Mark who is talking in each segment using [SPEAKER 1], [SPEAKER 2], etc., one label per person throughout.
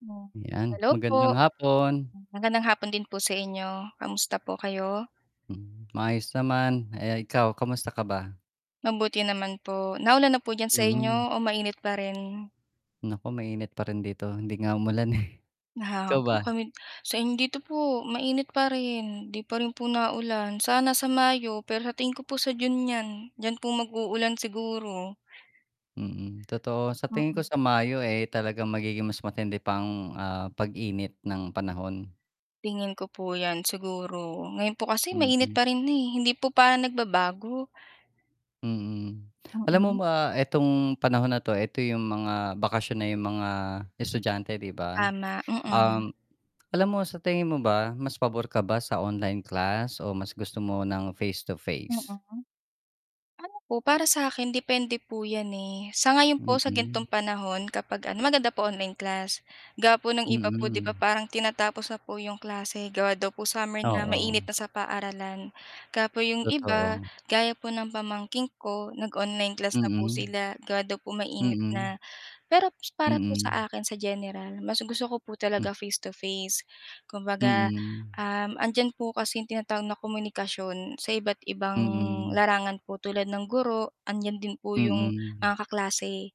[SPEAKER 1] [unintelligible]
[SPEAKER 2] 'Yan
[SPEAKER 1] Hello
[SPEAKER 2] magandang
[SPEAKER 1] po.
[SPEAKER 2] hapon.
[SPEAKER 1] Magandang hapon din po sa inyo, kamusta po kayo?
[SPEAKER 2] Hmm, maayos naman, eh, ikaw kamusta ka ba?
[SPEAKER 1] Mabuti naman po, naulan na po diyan sa
[SPEAKER 2] Mm.
[SPEAKER 1] inyo? O mainit pa rin?
[SPEAKER 2] Naku mainit pa rin dito hindi nga umulan eh. Ikaw
[SPEAKER 1] [unintelligible]
[SPEAKER 2] ba?
[SPEAKER 1] Kami same dito po mainit pa rin, 'di pa rin po naulan, sana sa Mayo pero sa tingin ko po sa June niyan, diyan po mag-uulan siguro.
[SPEAKER 2] Mm, totoo sa tingin ko
[SPEAKER 1] Mm.
[SPEAKER 2] sa Mayo, eh, talagang magiging mas matindi pa ang, ah, pag-init ng panahon.
[SPEAKER 1] Tingin ko po yan siguro. Ngayon po kasi mainit
[SPEAKER 2] Mm.
[SPEAKER 1] pa rin na, eh, hindi po pa nagbabago.
[SPEAKER 2] Mm, alam mo
[SPEAKER 1] Mm.
[SPEAKER 2] ba itong panahon na 'to, eto yung mga bakasyon na yung mga estudyante 'di ba?
[SPEAKER 1] Tama, mm.
[SPEAKER 2] Um, alam mo sa tingin mo ba mas pabor ka ba sa online class o mas gusto mo ng face to face?
[SPEAKER 1] Mm. Ano po para sa akin depende po 'yan, eh. Sa ngayon po sa
[SPEAKER 2] Mm.
[SPEAKER 1] ganitong panahon kapag ano maganda po online class. Gawa po ng iba po 'di ba
[SPEAKER 2] Mm.
[SPEAKER 1] parang tinatapos na po 'yong klase gawa daw po summer na,
[SPEAKER 2] Oo.
[SPEAKER 1] mainit na sa paaralan. Kaya po 'yong iba,
[SPEAKER 2] Totoo.
[SPEAKER 1] gaya po ng pamangkin ko, nag-online class na po
[SPEAKER 2] Mm.
[SPEAKER 1] sila gawa daw po mainit
[SPEAKER 2] Mm.
[SPEAKER 1] na. Pero para po
[SPEAKER 2] Mm.
[SPEAKER 1] sa akin sa general, mas gusto ko po
[SPEAKER 2] M.
[SPEAKER 1] talaga face to face, kumbaga,
[SPEAKER 2] Mm.
[SPEAKER 1] um, 'andiyan po kasi yung tinatawag na komunikasyon sa iba't ibang
[SPEAKER 2] Mm.
[SPEAKER 1] larangan po tulad ng guro, andiyan din po yung,
[SPEAKER 2] Mm.
[SPEAKER 1] ah, kaklase,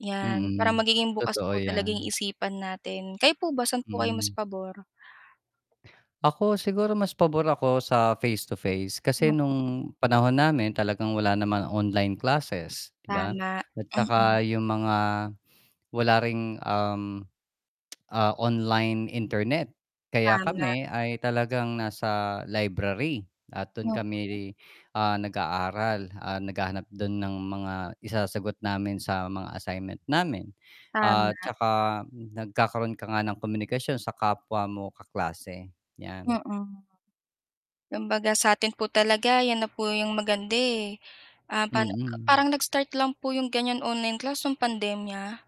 [SPEAKER 1] yan. Parang
[SPEAKER 2] Mm,
[SPEAKER 1] magiging bukas
[SPEAKER 2] totoo
[SPEAKER 1] po talaging yung
[SPEAKER 2] yan.
[SPEAKER 1] isipan natin. Kayo po ba saan po kayo mas
[SPEAKER 2] Mm.
[SPEAKER 1] pabor?
[SPEAKER 2] Ako siguro mas pabor ako sa face to face kasi
[SPEAKER 1] Mm.
[SPEAKER 2] nung panahon namin talagang wala namang online classes. 'Di ba?
[SPEAKER 1] Tama,
[SPEAKER 2] At
[SPEAKER 1] mm.
[SPEAKER 2] saka yung mga, wala ring um, ah, online internet. Kaya
[SPEAKER 1] Tama.
[SPEAKER 2] kami ay talagang nasa library at dun
[SPEAKER 1] Oo.
[SPEAKER 2] kami, ah, nag aaral, ah, naghahanap dun ng mga isasagot namin sa mga assignment namin. At
[SPEAKER 1] Tama.
[SPEAKER 2] tsaka nagkakaroon ka nga ng komunikasyon sa kapwa mo kaklase, yan.
[SPEAKER 1] Mm. Kumbaga sa 'tin po talaga 'yan na po 'yong maganda eh. Ah, pano parang po
[SPEAKER 2] Mm.
[SPEAKER 1] parang nag-start lang po 'yong ganyan online class nung pandemya.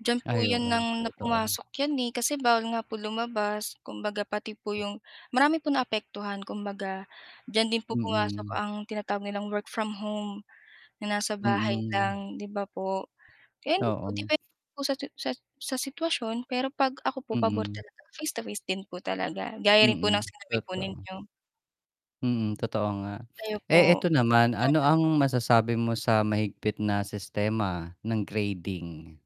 [SPEAKER 1] Diyan po
[SPEAKER 2] Ay
[SPEAKER 1] 'yon
[SPEAKER 2] oo,
[SPEAKER 1] nang na
[SPEAKER 2] totoo.
[SPEAKER 1] pumasok 'yan, eh, kasi bawal nga po lumabas kumbaga pati po 'yong marami pong naapektuhan kumbaga. Diyan din po pumasok
[SPEAKER 2] Mm.
[SPEAKER 1] ang tinatawag nilang work from home, na nasa bahay
[SPEAKER 2] Mm.
[SPEAKER 1] lang 'di ba po. Kaya yun din po
[SPEAKER 2] Oo.
[SPEAKER 1] depende po sa sa sa sitwasyon pero 'pag ako po pabor
[SPEAKER 2] Mm.
[SPEAKER 1] talaga face to face din po talaga gaya rin po ng
[SPEAKER 2] Mm,
[SPEAKER 1] sinabi po
[SPEAKER 2] totoo.
[SPEAKER 1] ninyo.
[SPEAKER 2] Mm, totoo nga.
[SPEAKER 1] Kayo po?
[SPEAKER 2] Eh, eto naman ano ang
[SPEAKER 1] Mm.
[SPEAKER 2] masasabi mo sa mahigpit na sistema ng grading?